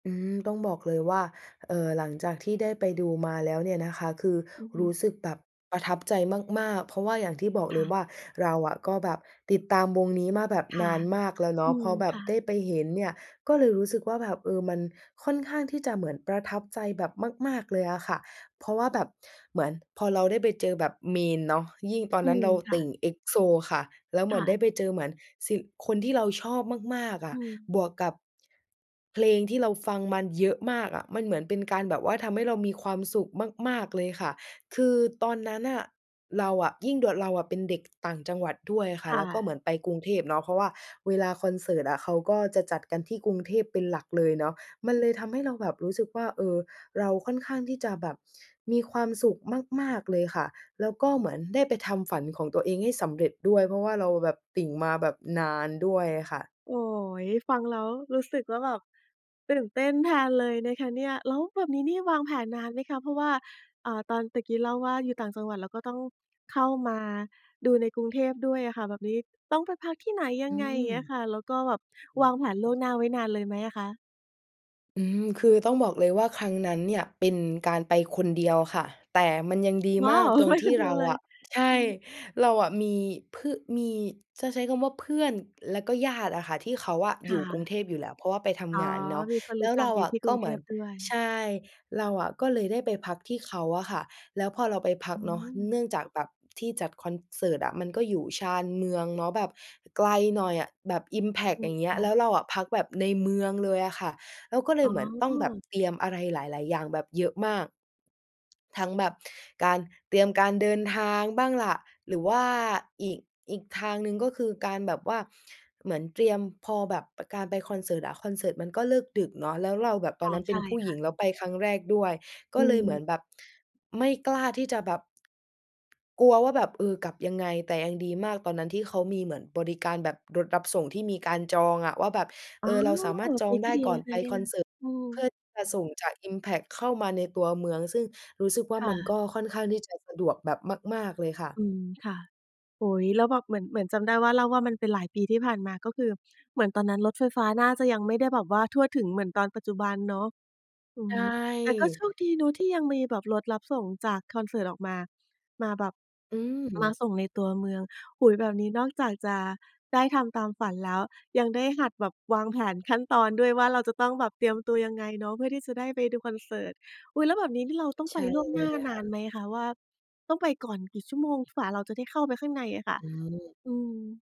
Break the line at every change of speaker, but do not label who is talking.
อืม ต้องบอกเลยว่า เอ่อ หลังจากที่ได้ไปดูมาแล้วเนี่ยนะคะ คือ
อือฮ
ร
ึ
ู้สึกแบบประทับใจมาก ๆ เพราะว่าอย่างที่บอก
ค
เล
่
ย
ะ
ว่า เราอะก็แบบติดตามวงนี้มาแบบ
ค
น
่ะ
านมากแล้วเน
อ
า
ื
ะ พ
ม
อแบ
ค
บ
่
ไ
ะ
ด้ไปเห็นเนี่ย ก็เลยรู้สึกว่าแบบ เออ มันค่อนข้างที่จะเหมือนประทับใจแบบมาก ๆ เลยอะค่ะ เพราะว่าแบบเหมือนพอเราได้ไปเจอแบบ main เนาะ ยิ่งตอน
อื
นั้น
ม
เรา
ค
ต
่
ิ
ะ
่ง EXO ค่ะ แล้วเห
ค
มื
่
อนได้
ะ
ไปเจอเหมือนสิ คนที่เราชอบมาก ๆ อ
อ
ะ
ืม
บวกกับ เพลงที่เราฟังมันเยอะมากอะ มันเหมือนเป็นการแบบว่า ทำให้เรามีความสุขมาก ๆ เลยค่ะ คือตอนนั้นน่ะ เราอะ ยิ่งด่วน เราอะเป็นเด็กต่างจังหวัดด้วยอะค่ะ
ค่
แล้วก็เหม
ะ
ือนไปกรุงเทพเนาะ เพราะว่าเวลาคอนเสิร์ตอะ เขาก็จะจัดกันที่กรุงเทพเป็นหลักเลยเนาะ มัน
อื
เ
ม
ลยทำให้เราแบบรู้สึกว่า เออ เราค่อนข้างที่จะแบบมีความสุขมาก ๆ เลยค่ะ แล้วก็เหมือนได้ไปทำฝันของตัวเองให้สำเร็จด้วย เพราะว่าเราแบบติ่งมาแบบนานด้วยอะค่ะ
โอ๊ย! ฟังแล้วรู้สึกว่าแบบตื่นเต้นแทนเลยนะคะเนี่ย แล้วแบบนี้นี่วางแผนนานไหมคะ? เพราะว่า อ่า ตอนตะกี้เล่าว่า อยู่ต่างจังหวัด แล้วก็ต้องเข้ามาดูในกรุงเทพด้วยอะค่ะ แบบนี้ต้องไปพักที่ไหนย
อ
ั
ื
งไง? อย่างเงี้
ม
ยค่ะ แล้วก็แบบ
โ
วางแผน
อ
ล่
้
วง
โ
หน้
ฮ
าไว้นานเลยไหมอะคะ?
อืม คือต้องบอกเลยว่าครั้งนั้นเนี่ย เป็นการไปคนเดียวค่ะ แต่มันยังดี
ว
ม
้า
าก
ว!
ตรง
ไป
ท
ค
ี่
นเดี
เร
ยว
า
เล
อ
ย
ะ ใช
อื
่
อฮึ
เราอะมี เพื่อ มี จะใช้คำว่าเพื่อนแล้วก็ญาติอะค่ะ ที่เขาอะ
ค
อย
่
ู่กรุ
ะ
งเทพอยู่แล้ว เพราะว่าไปท
อ๋
ำ
อ
งานเนาะ
มีคน
แล
รู
้
้
ว
จั
เร
ก
า
อยู่
อ
ท
ะ
ี่ก
ก
ร
็
ุง
เห
เ
ม
ท
ือน
พด้ว
ใ
ย
ช่ เราอะก็เลยได้ไปพักที่เขาอะค่ะ แล้วพอเราไปพั
อ
ก
ื
เนาะ
ม
เนื่องจากแบบที่จัดคอนเสิร์ตอะมันก็อยู่ชานเมืองเนาะ แบบไกลหน่อยอะแบบอิมแพ็ค
อื
อย
ม
่างเงี้
ค
ย
่
แล้
ะ
วเราอะพักแบบในเมืองเลยอะค่ะ แล้วก็เล
อ๋
ยเห
อ
มือนต้องแบบเตรียมอะไรหลาย ๆ อย่างแบบเยอะมาก ทั้งแบบการเตรียมการเดินทางบ้างล่ะ หรือว่าอีก อีกทางหนึ่ง ก็คือการแบบว่า เหมือนเตรียม พอแบบ ป การไปคอนเสิร์ตอะ คอนเสิร์ตมันก็เลิกดึกเนาะ แล้วเราแบบต
อ
อน
๋อ
นั้นเป
ใช
็น
่
ผู้
ค
หญ
่
ิ
ะ
ง แล้วไปครั้งแรกด้วย
อ
ก็
ื
เลยเหมือน
ม
แบบ ไม่กล้าที่จะแบบ กลัวว่าแบบ เออ กลับยังไง แต่ยังดีมากตอนนั้น ที่เขามีบริการรถรับส่งที่มีการจองอะ ว่าแบบ เ
อ๋
อ
อ
อ เราสามารถจ
ง
อ
ี
ง
้
ไ
ก
ด
็
้
ดี
ก่อ
น
น
ะค
ไป
ะเนี่
ค
ย
อนเสิร์ต
อื
เพื
ม
่อที่จะส่งจากอิมแพ็คเข้ามาในตัวเมือง ซึ่งรู้สึกว่า
ค่
มัน
ะ
ก็ค่อนข้างที่จะสะดวกแบบมาก ๆ เลยค่ะ
อืม ค่ะ โอ้โฮ แล้วแบบเหมือน เหมือนจำได้ว่า เล่าว่ามันเป็นหลายปีที่ผ่านมา ก็คือเหมือนตอนนั้นรถไฟฟ้าน่าจะยังไม่ได้แบบว่าทั่วถึง เหมือนตอนปัจจุบันเนาะ อือ
ใช
ฮ
่
ึ แต่ก็โชคดีเนาะ ที่ยังมีแบบรถรับส่งจากคอนเสิร์ตออกมา มาแบบ
อื
มา
ม
ส่งในตัวเมือง โอ้โฮ! แบบนี้นอกจากจะได้ทำตามฝันแล้ว ยังได้หัดแบบวางแผนขั้นตอนด้วยว่า เราจะต้องแบบเตรียมตัวยังไงเนาะ เพื่อที่จะได้ไปดูคอนเสิร์ต อุ๊ย! แล้วแบบนี้นี่ เราต้อง
ใช
ไป
่
ล่วงหน้
เ
า
ลย
น
ค
า
่ะ
นไหมคะว่า ต้องไปก่อนกี่ชั่วโมง กว่าเราจะได้เข้าไปข้างในอะค่ะ?
อืม
อืม